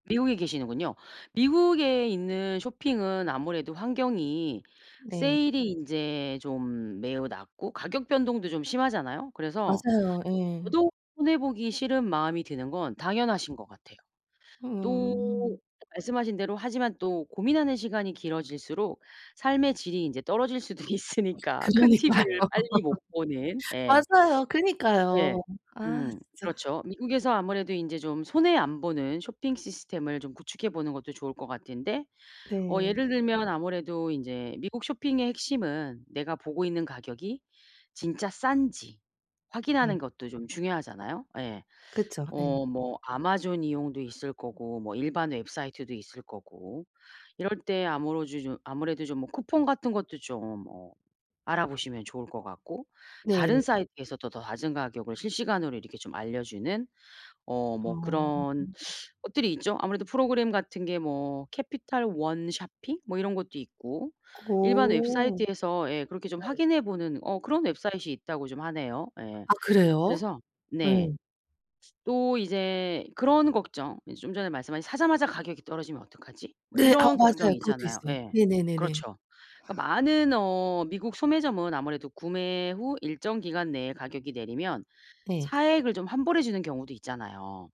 미국에 계시는군요. 미국에 있는 쇼핑은 아무래도 환경이 네. 세일이 인제 좀 매우 낮고 가격 변동도 좀 심하잖아요. 그래서 맞아요. 예. 저도 손해 보기 싫은 마음이 드는 건 당연하신 것 같아요. 또 음. 말씀하신 대로 하지만 또 고민하는 시간이 길어질수록 삶의 질이 인제 떨어질 수도 그러니까요. 있으니까 큰 TV를 빨리 못 보는 예. 맞아요. 네. 그러니까요. 아 음. 진짜. 그렇죠. 미국에서 아무래도 인제 좀 손해 안 보는 쇼핑 시스템을 좀 구축해 보는 것도 좋을 것 같은데 어 네. 예를 들면 아무래도 인제 미국 쇼핑의 핵심은 내가 보고 있는 가격이 진짜 싼지 네. 확인하는 것도 좀 중요하잖아요. 예. 그쵸. 예. 어 뭐 아마존 이용도 있을 거고 뭐 일반 웹사이트도 있을 거고. 이럴 때 아무러지 좀 아무래도 좀 뭐 쿠폰 같은 것도 좀 어 알아보시면 좋을 것 같고 다른 네. 사이트에서도 더 낮은 가격을 실시간으로 이렇게 좀 알려주는 어 뭐 어. 그런 것들이 있죠. 아무래도 프로그램 같은 게 뭐 캐피털 원 쇼핑 뭐 이런 것도 있고, 일반 어. 웹사이트에서 예 그렇게 좀 네. 확인해 보는 어 그런 Website이 있다고 좀 하네요. 예. 아 그래요? 그래서 네. 예. 또 이제 그런 걱정 이제 좀 전에 말씀하신 '사자마자 가격이 떨어지면 어떡하지?' 뭐 네. 아 이런 맞아요. 걱정이 그것도 있잖아요. 있어요. 예. 네네네네. 그렇죠. 그러니까 많은 어 미국 소매점은 아무래도 구매 후 일정 기간 내에 가격이 내리면 네. 차액을 좀 환불해 주는 경우도 있잖아요.